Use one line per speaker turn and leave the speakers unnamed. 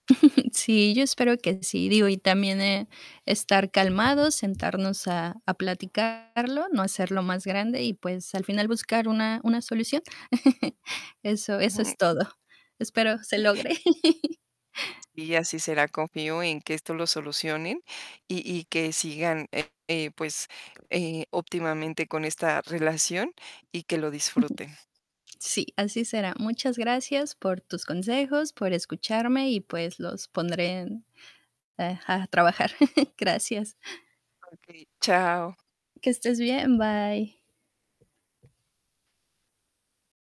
Sí, yo espero que sí. Digo, y también, eh, estar calmados, sentarnos a a platicarlo, no hacerlo más grande, y pues, al final, buscar una una solución. Eso eso es todo. Espero se logre.
Y así será, confío, en que esto lo solucionen, y y que sigan, eh, eh, pues, eh, óptimamente con esta relación, y que lo disfruten.
Sí, así será. Muchas gracias por tus consejos, por escucharme, y pues, los pondré en, eh, a a trabajar. Gracias.
Okey. Chao.
Que estés bien. Bye.